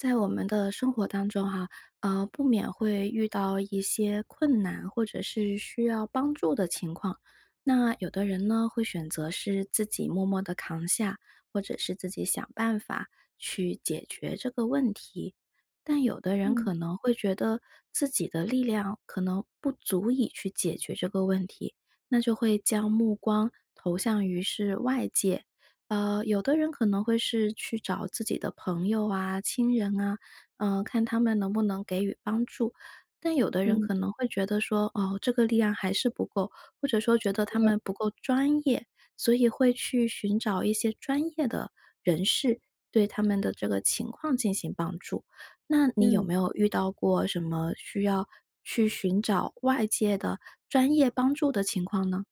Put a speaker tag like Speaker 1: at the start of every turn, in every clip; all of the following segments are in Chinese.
Speaker 1: 在我们的生活当中啊，呃，不免会遇到一些困难，或者是需要帮助的情况。那有的人呢，会选择是自己默默地扛下，或者是自己想办法去解决这个问题。但有的人
Speaker 2: 嗯。
Speaker 1: 可能会觉得自己的力量可能不足以去解决这个问题，那就会将目光投向于是外界，呃，有的人可能会是去找自己的朋友啊、亲人啊，呃，看他们能不能给予帮助。但有的人
Speaker 2: 嗯。
Speaker 1: 可能会觉得说：“哦，这个力量还是不够”，或者说觉得
Speaker 2: 是
Speaker 1: “他
Speaker 2: 的
Speaker 1: 们不够专业”。所以会去寻找一些专业的人士，对他们的这个情况进行帮助。那你有
Speaker 2: 嗯。
Speaker 1: 没有遇到过什么需要去寻找外界的专业帮助的情况呢？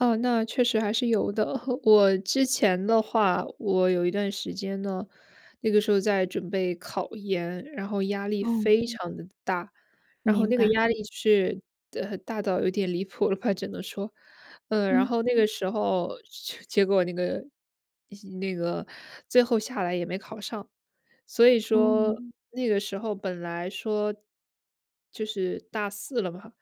Speaker 2: 呃，那确实还是有的。我之前的话，我有一段时间呢，那个时候在准备考研，然后压力
Speaker 1: 哦。
Speaker 2: 非常得大。然后
Speaker 1: 明
Speaker 2: 那个
Speaker 1: 白。
Speaker 2: 压力是的，大到有点离谱了吧，只能说，嗯，然
Speaker 1: 嗯。
Speaker 2: 后那个时候就结果那个那个最后下来也没考上。所以说
Speaker 1: 哦。
Speaker 2: 那个时候本来说，就是大四了嘛，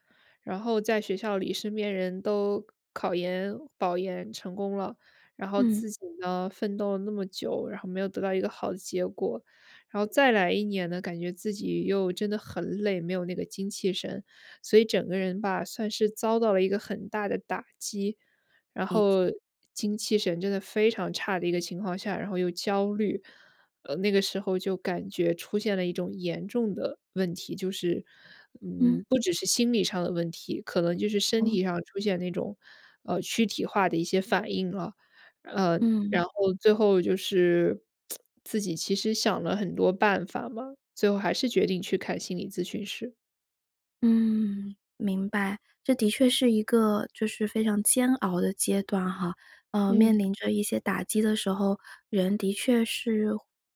Speaker 2: 然后在学校里身边人都考研、保研成功了，然后
Speaker 1: 嗯。
Speaker 2: 自己呢奋斗了那么久，然后没有得到一个好的结果。然后再来一年呢，感觉自己又真的很累，没有那个精气神，所以整个人吧，算是遭到了一个很大的打击，然
Speaker 1: 理解。
Speaker 2: 后精气神真的非常差的一个情况下，然后又焦虑。呃，那个时候就感觉出现了一种严重的问题，就是，
Speaker 1: 嗯。
Speaker 2: 嗯，不只是心理上的问题，可能就是身
Speaker 1: 嗯？
Speaker 2: 体上出现那种，呃，躯体化的一些反应了。呃，
Speaker 1: 嗯。
Speaker 2: 然后最后就是，自己其实想了很多办法嘛，最后还是决定去看心理咨询师。
Speaker 1: 嗯，明白。这的确是一个，就是非常煎熬的阶段哈，呃，
Speaker 2: 嗯。
Speaker 1: 面临着一些打击的时候，人的确是，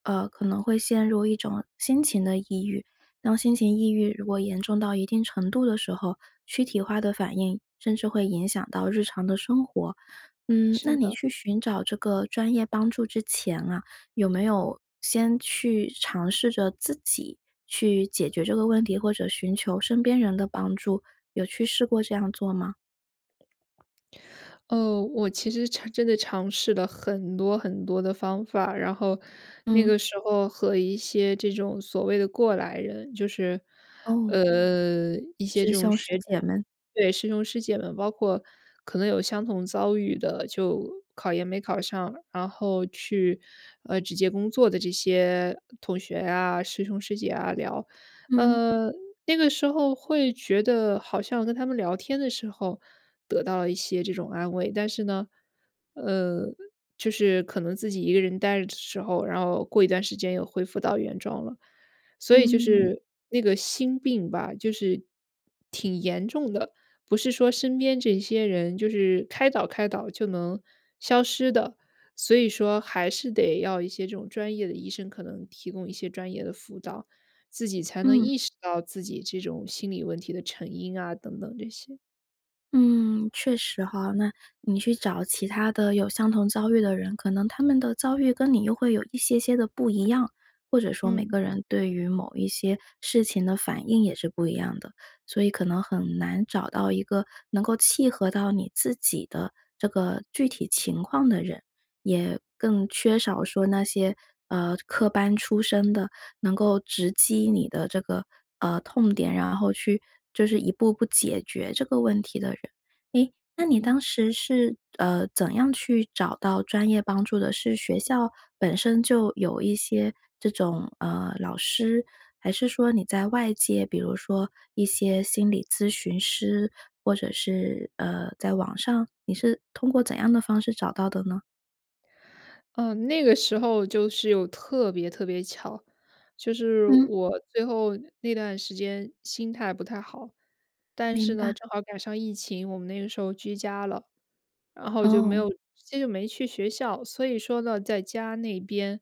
Speaker 1: 呃，可能会陷入一种心情的抑郁。当心情抑郁如果严重到一定程度的时候，躯体化的反应，甚至会影响到日常的生活。嗯，那
Speaker 2: 是
Speaker 1: 你
Speaker 2: 的。
Speaker 1: 去寻找这个专业帮助之前啊，有没有先去尝试着自己去解决这个问题，或者寻求身边人的帮助，有去试过这样做吗？
Speaker 2: 呃，我其实尝真的尝试了很多很多的方法。然后，那
Speaker 1: 嗯。
Speaker 2: 个时候和一些这种所谓的过来人就是，
Speaker 1: 哦。
Speaker 2: 呃，一些这
Speaker 1: 师
Speaker 2: 种
Speaker 1: 兄师
Speaker 2: 学
Speaker 1: 姐们。
Speaker 2: 对，师兄师姐们，包括可能有相同遭遇的，就考研没考上。然后去，呃，直接工作的这些同学啊、师兄师姐啊聊，
Speaker 1: 嗯。
Speaker 2: 呃，那个时候会觉得好像跟他们聊天的时候，得到了一些这种安慰。但是呢，呃，就是可能自己一个人呆着的时候，然后过一段时间又恢复到原状了，所以就
Speaker 1: 嗯。
Speaker 2: 是那个心病吧，就是，挺严重的。不是说身边这些人就是开导开导就能消失的，所以说还是得要一些这种专业的医生可能提供一些专业的辅导，自己才能
Speaker 1: 嗯。
Speaker 2: 意识到自己这种心理问题的成因啊等等这些。
Speaker 1: 嗯，确实哈。那你去找其他的有相同遭遇的人，可能他们的遭遇跟你又会有一些些的不一样，或者说每
Speaker 2: 嗯。
Speaker 1: 个人对于某一些事情的反应也是不一样的。所以可能很难找到一个能够契合到你自己的这个具体情况的人，也更缺少说那些，呃，科班出身的，能够直击你的这个，呃，痛点，然后去就是一步步解决这个问题的人。诶，那
Speaker 2: 嗯
Speaker 1: 你
Speaker 2: 嗯。
Speaker 1: 当时是，呃，怎样去找到专业帮助的，是学校本身就有一些这种，呃，老师，还是说你在外界，比如说一些心理咨询师？或者是，呃，在网上？你是通过怎样的方式找到的呢？
Speaker 2: 嗯，那个时候就是有特别特别巧。就是
Speaker 1: 嗯。
Speaker 2: 我最后那段时间心态不太好，但
Speaker 1: 明
Speaker 2: 是呢，
Speaker 1: 白。
Speaker 2: 正好赶上疫情，我们那个时候居家了，然后就没
Speaker 1: 哦。
Speaker 2: 有直接就没去学校，所以说呢在家那边，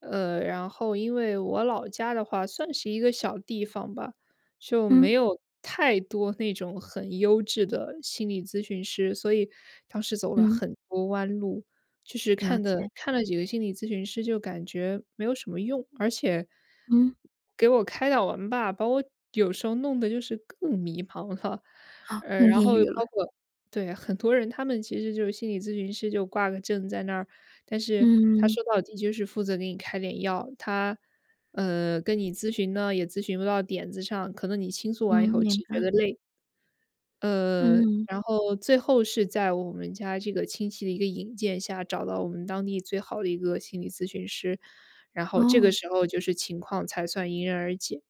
Speaker 2: 呃，然后因为我老家的话算是一个小地方吧。就没
Speaker 1: 嗯。
Speaker 2: 有太多那种很优质的心理咨询师，所以当时走了
Speaker 1: 嗯。
Speaker 2: 很多弯路。就是
Speaker 1: 了
Speaker 2: 看的
Speaker 1: 解。
Speaker 2: 看了几个心理咨询师就感觉没有什么用，而且
Speaker 1: 嗯。
Speaker 2: 给我开导完吧，把我有时候弄得就是更迷茫了。
Speaker 1: 哦，
Speaker 2: 呃，
Speaker 1: 更
Speaker 2: 然
Speaker 1: 抑
Speaker 2: 后
Speaker 1: 郁了。
Speaker 2: 包括对，很多人他们其实就是心理咨询师就挂个证在那儿，但是他
Speaker 1: 嗯。
Speaker 2: 说到底就是负责给你开点药，他，呃，跟你咨询呢也咨询不到点子上，可能你倾诉
Speaker 1: 嗯，
Speaker 2: 完以后
Speaker 1: 明
Speaker 2: 只觉
Speaker 1: 白。
Speaker 2: 得累。呃，
Speaker 1: 嗯。
Speaker 2: 然后最后是在我们家这个亲戚的一个引荐下，找到我们当地最好的一个心理咨询师，然后这个
Speaker 1: 哦。
Speaker 2: 时候就是情况才算迎刃而解。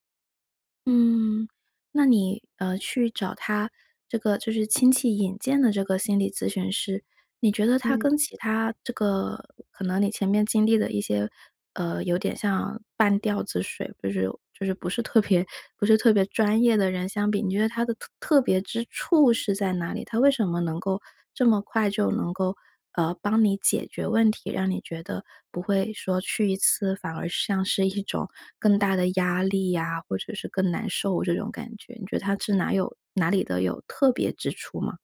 Speaker 1: 嗯，那你，呃，去找他这个就是亲戚引荐的这个心理咨询师，你觉得他
Speaker 2: 嗯。
Speaker 1: 跟其他这个可能你前面经历的一些，呃，有点像半吊子水不是就是不是特别不是特别专业的人相比，你觉得他的特特别之处是在哪里？他为什么能够这么快就能够，呃，帮你解决问题？让你觉得，不会说去一次反而像是一种更大的压力啊，或者是更难受这种感觉。你觉得他是哪有哪里的有特别之处吗？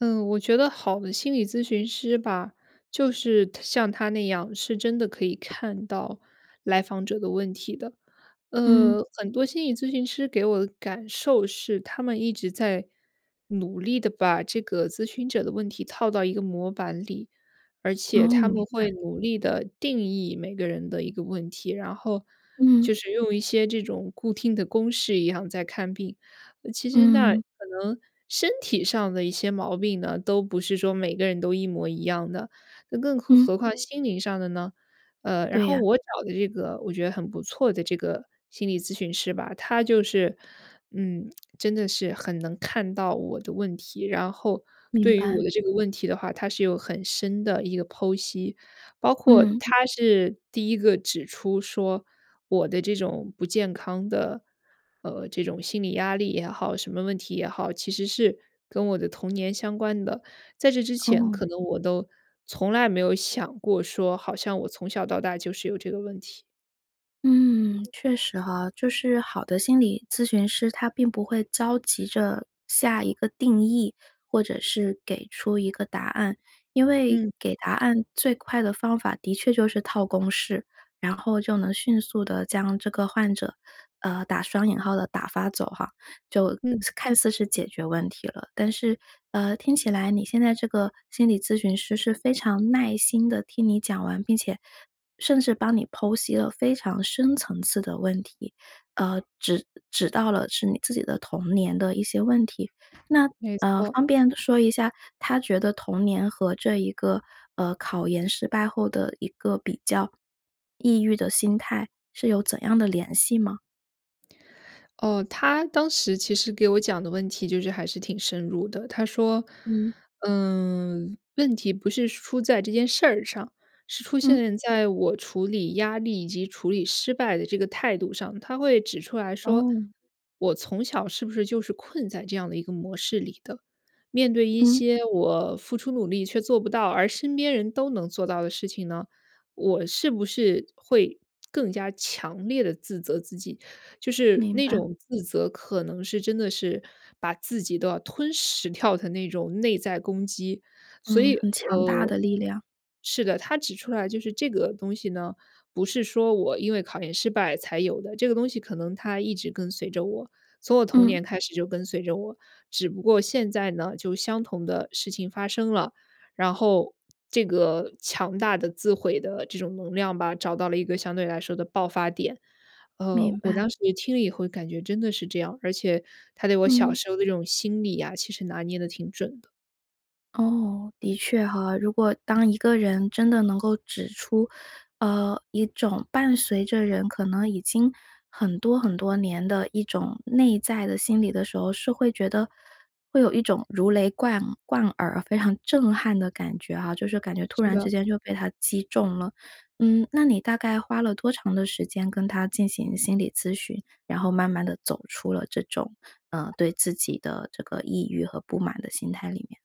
Speaker 2: 嗯，我觉得好的心理咨询师吧，就是他像他那样，是真的可以看到来访者的问题的。
Speaker 1: 嗯。
Speaker 2: 呃，很多心理咨询师给我的感受是，他们一直在努力地把这个咨询者的问题套到一个模板里，而且
Speaker 1: 嗯，
Speaker 2: 他
Speaker 1: 明
Speaker 2: 们
Speaker 1: 白。
Speaker 2: 会努力地定义每个人的一个问题，然后，
Speaker 1: 嗯。
Speaker 2: 就是用一些这种固定的公式一样在看病。其实那可
Speaker 1: 嗯。
Speaker 2: 能身体上的一些毛病呢，都不是说每个人都一模一样的，那更何
Speaker 1: 嗯。
Speaker 2: 何况心灵上的呢？呃，然
Speaker 1: 对
Speaker 2: 后
Speaker 1: 呀。
Speaker 2: 我找的这个我觉得很不错的这个心理咨询师吧，他就是嗯，真的是很能看到我的问题，然后
Speaker 1: 明
Speaker 2: 对于
Speaker 1: 白。
Speaker 2: 我的这个问题的话，他是有很深的一个剖析。包括
Speaker 1: 嗯。
Speaker 2: 他是第一个指出说，我的这种不健康的，呃这种心理压力也好，什么问题也好，其实是跟我的童年相关的。在这之 前，
Speaker 1: 哦。
Speaker 2: 可能我都从来没有想过说，好像我从小到大就是有这个问题。
Speaker 1: 嗯，确实哈。就是好的心理咨询师，他并不会着急着，下一个定义，或者是给出一个答案。因为
Speaker 2: 嗯。
Speaker 1: 给答案最快的方法的确就是套公式，然后就能迅速地将这个患者，呃，打双引号的打发走哈，就
Speaker 2: 嗯。
Speaker 1: 看似是解决问题了。但是，呃，听起来你现在这个心理咨询师是非常耐心地听你讲完，并且甚至帮你剖析了非常深层次的问题，呃，指指到了是你自己的童年的一些问题，那，
Speaker 2: 没
Speaker 1: 呃，
Speaker 2: 错。
Speaker 1: 方便说一下，他觉得童年和这一个，呃，考研失败后的一个比较，抑郁的心态是有怎样的联系吗？
Speaker 2: 哦，他当时其实给我讲的问题就是还是挺深入的。他说，
Speaker 1: 嗯。
Speaker 2: 嗯，问题不是出在这件事儿上，是出
Speaker 1: 嗯。
Speaker 2: 现在我处理压力以及处理失败的这个态度上。他会指出来说，
Speaker 1: 哦。
Speaker 2: 我从小是不是就是困在这样的一个模式里的？面对一
Speaker 1: 嗯。
Speaker 2: 些我付出努力却做不到，而身边人都能做到的事情呢，我是不是会更加强烈地自责自己？就是
Speaker 1: 明
Speaker 2: 那
Speaker 1: 白。
Speaker 2: 种自责可能是真的是把自己都要吞噬掉的那种内在攻击。所
Speaker 1: 嗯，
Speaker 2: 以，
Speaker 1: 很强大
Speaker 2: 呃
Speaker 1: 的力量。
Speaker 2: 是的，他指出来就是这个东西呢，不是说我因为考研失败才有的，这个东西可能它一直跟随着我，从我童
Speaker 1: 嗯。
Speaker 2: 年开始就跟随着我。只不过现在呢就相同的事情发生了，然后这个强大的自毁的这种能量吧，找到了一个相对来说的爆发点，呃，
Speaker 1: 明
Speaker 2: 我
Speaker 1: 白。
Speaker 2: 当时也听了以后感觉真的是这样，而且他对我小
Speaker 1: 嗯。
Speaker 2: 时候的那种心理啊，其实拿捏得挺准的。
Speaker 1: 哦，的确哈。如果
Speaker 2: 嗯
Speaker 1: 当一
Speaker 2: 哼。
Speaker 1: 个人真的能够指出，呃，一种伴随着人可能已经很多很多年的一种内在的心理的时候，是会觉得会有一种如雷贯贯耳非常震撼的感觉啊，就是感觉突
Speaker 2: 是
Speaker 1: 然之
Speaker 2: 的。
Speaker 1: 间就被他击中了。嗯，那你大概花了多长的时间跟他进行心理咨询，然后慢慢地走出了这种，呃，对自己的这个抑郁和不满的心态里面？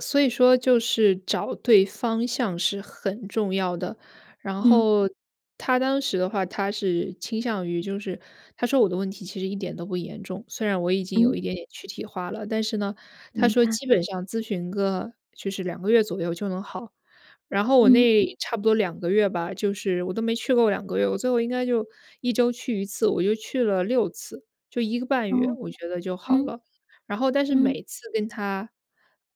Speaker 2: 所以说就是找对方向是很重要的，然
Speaker 1: 嗯。
Speaker 2: 后他当时的话，他是倾向于就是他说我的问题其实一点都不严重。虽然我已经
Speaker 1: 嗯。
Speaker 2: 有一点点躯体化了，但是呢，他
Speaker 1: 明
Speaker 2: 说
Speaker 1: 白。
Speaker 2: 基本上咨询个就是2个月左右就能好。然后我
Speaker 1: 嗯。
Speaker 2: 那差不多2个月吧，就是我都没去够2个月，我最后应该就1周去1次，我就去了6次，就1个半月，
Speaker 1: 哦。
Speaker 2: 我觉得就好
Speaker 1: 嗯。
Speaker 2: 了。然后但是
Speaker 1: 嗯。
Speaker 2: 每次跟他，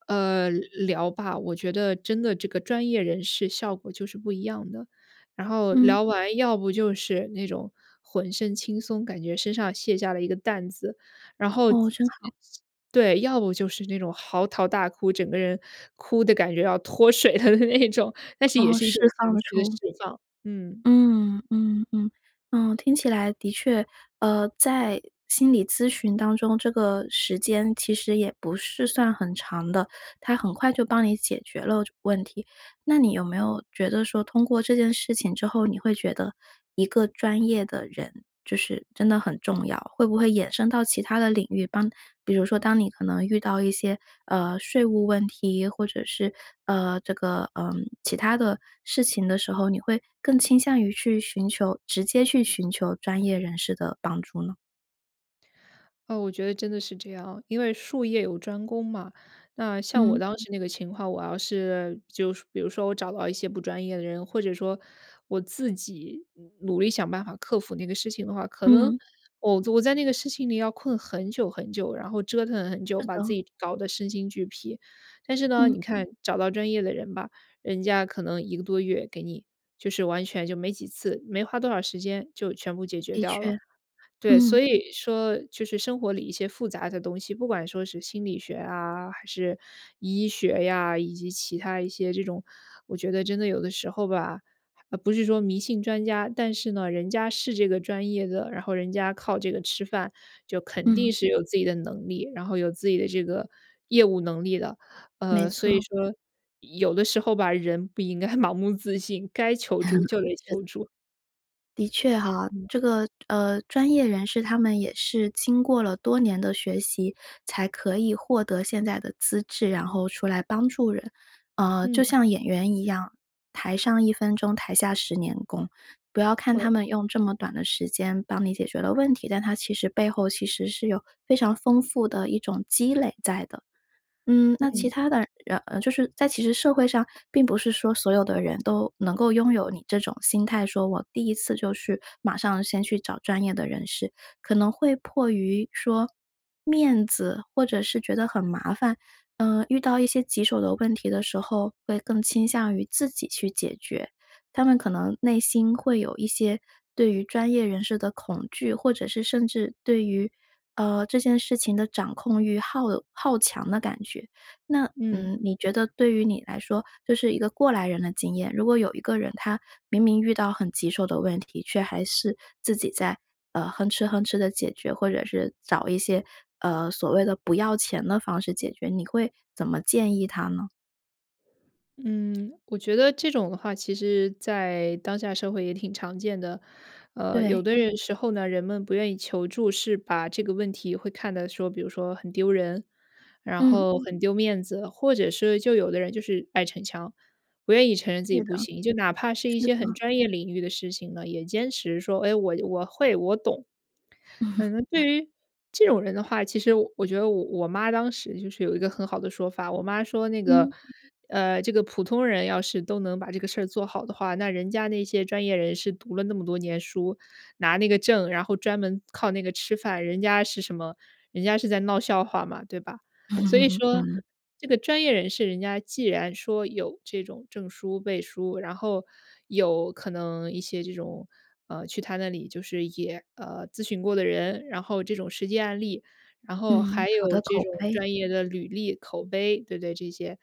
Speaker 2: 呃，聊吧，我觉得真的这个专业人士效果就是不一样的。然后
Speaker 1: 嗯。
Speaker 2: 聊完要不就是那种浑身轻松，感觉身上卸下了一个担子，然后自
Speaker 1: 哦，真
Speaker 2: 己也
Speaker 1: 好。
Speaker 2: 是对，要不就是那种嚎啕大哭整个人哭得感觉要脱水了的那种，但是也
Speaker 1: 哦，
Speaker 2: 是一种
Speaker 1: 释
Speaker 2: 情
Speaker 1: 放了
Speaker 2: 绪的释
Speaker 1: 出。
Speaker 2: 放。嗯。
Speaker 1: 嗯，嗯嗯，嗯，听起来的确，呃，在心理咨询当中，这个时间其实也不是算很长的，他很快就帮你解决了就问题。那你有没有觉得说通过这件事情之后，你会觉得一个专业的人，就是真的很重要，会不会衍生到其它的领域。当比如说当你可能遇到一些，呃，税务问题，或者是，呃，这个，嗯，其它的事情的时候，你会更倾向于去寻求直接去寻求专业人士的帮助呢？
Speaker 2: 呃，我觉得真的是这样，因为术业有专攻嘛。那像我
Speaker 1: 嗯。
Speaker 2: 当时那个情况，我要是就是说比如说我找到一些不专业的人，或者说我自己努努力想办法克服那个事情的话，可能
Speaker 1: 嗯。
Speaker 2: 我我在那个事情里要困很久很久，然后折腾很久，
Speaker 1: 是
Speaker 2: 把自
Speaker 1: 的。
Speaker 2: 己搞得身心俱疲。但是呢，
Speaker 1: 嗯。
Speaker 2: 你看找到专业的人吧，人家可能1个多月给你，就是完全就没几次、没花多少时间就全部解决
Speaker 1: 的
Speaker 2: 掉了。
Speaker 1: 确，
Speaker 2: 对，所
Speaker 1: 嗯。
Speaker 2: 以说就是生活里一些复杂的东西，不管说是心理学啊还是医学呀，以及其它一些这种我觉得真的有的时候吧，不是说迷信专家，但是呢，人家是这个专业的，然后人家靠这个吃饭，就肯
Speaker 1: 嗯。
Speaker 2: 定是有自己的能力，然后有自己的这个业务能力的。
Speaker 1: 没
Speaker 2: 呃，所以
Speaker 1: 错。
Speaker 2: 说，有的时候吧，人不应该盲目自信，该求 助就得
Speaker 1: 是。
Speaker 2: 求助。
Speaker 1: 的确哈，
Speaker 2: 嗯。
Speaker 1: 这个，呃，专业人士他们也是经过了多年的学习，才可以获得现在的资质，然后出来帮助人。呃，就
Speaker 2: 嗯。
Speaker 1: 像演员一样，台上1分钟，台下10年功。不要看
Speaker 2: 对，
Speaker 1: 他们用这
Speaker 2: 嗯。
Speaker 1: 么短的时间帮你解决了问题，但他其实背后其实是有非常丰富的一种积累在的。嗯，那其
Speaker 2: 嗯。
Speaker 1: 他的，然呃，就是在其实社会上并不是说所有的人都能够拥有你这种心态，说我第1次就去马上先去找专业的人士。可能会迫于说，面子或者是觉得很麻烦，呃，遇到一些棘手的问题的时候，会更倾向于自己去解决。他们可能内心会有一些对于专业人士的恐惧，或者是甚至对于，呃，这件事情的掌控欲，好好强的感觉。那，
Speaker 2: 嗯。
Speaker 1: 嗯，你觉得对于你来说，就是一个过来人的经验，如果有一个人他明明遇到很棘手的问题，却还是自己在，呃，哼哧哼哧地解决，或者是找一些，呃，所谓的不要钱的方式解决，你会怎么建议他呢？
Speaker 2: 嗯，我觉得这种的话，其实在当下社会也挺常见的。呃，有
Speaker 1: 对。
Speaker 2: 的人时候呢，人们不愿意求助，是把这个问题会看得说比如说很丢人，然
Speaker 1: 嗯。
Speaker 2: 后很丢面子，或者是，就有的人就是爱逞强，不愿意承认自己
Speaker 1: 对
Speaker 2: 不
Speaker 1: 的。
Speaker 2: 行。就哪怕是一
Speaker 1: 是
Speaker 2: 些很
Speaker 1: 的。
Speaker 2: 专业领域的事情呢，也坚持说：“哎，我我会、我懂。” 嗯，那
Speaker 1: 对。
Speaker 2: 对于这种人的话，其实我我觉得我我妈当时就是有一个很好的说法，我妈说那个：
Speaker 1: 嗯。
Speaker 2: “呃，这个普通人要是都能把这个事儿做好的话，那人家那些专业人士读了那么多年书，拿那个证，然后专门靠那个吃饭，人家是什么？人家是在闹笑话嘛，对吧？”所以 说，
Speaker 1: 嗯。
Speaker 2: 这个专业人士，人家既然说有这种证书背书，然后有可能一些这种，呃，去他那里就是也，呃，咨询过的人，然后这种实际案例，然后
Speaker 1: 嗯，
Speaker 2: 还
Speaker 1: 好的
Speaker 2: 有这
Speaker 1: 口
Speaker 2: 种
Speaker 1: 碑。
Speaker 2: 专业的履历、口碑，对不对，这些，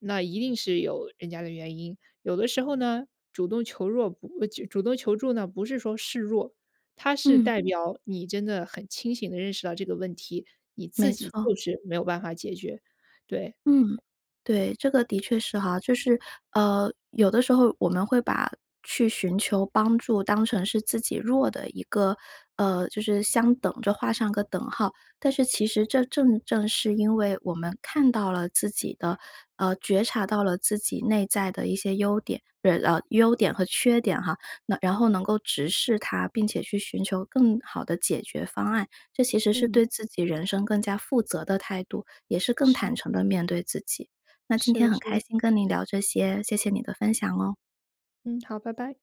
Speaker 2: 那一定是有人家的原因。有的时候呢，主动求弱不主主动求助呢，不是说示弱，它是
Speaker 1: 嗯。
Speaker 2: 代表你真的很清醒地认识到这个问题，你自
Speaker 1: 没
Speaker 2: 己
Speaker 1: 错。
Speaker 2: 就是没有办法解决，对。
Speaker 1: 嗯。对，这个的确是哈，就是，呃，有的时候我们会把去寻求帮助当成是自己弱的一个，呃，就是相等着，画上个等号。但是其实这正正是因为我们看到了自己的，呃，觉察到了自己内在的一些优点，呃啊，优点和缺点哈，能然后能够直视它，并且去寻求更好的解决方案。这其实是
Speaker 2: 嗯。
Speaker 1: 对自己人生更加负责的态度，也是更
Speaker 2: 是
Speaker 1: 坦
Speaker 2: 的。
Speaker 1: 诚地面对自己。那今
Speaker 2: 是
Speaker 1: 天
Speaker 2: 的
Speaker 1: 很
Speaker 2: 是
Speaker 1: 开
Speaker 2: 的。
Speaker 1: 心跟您聊这些，谢谢你的分享哦。
Speaker 2: 嗯，好，拜拜。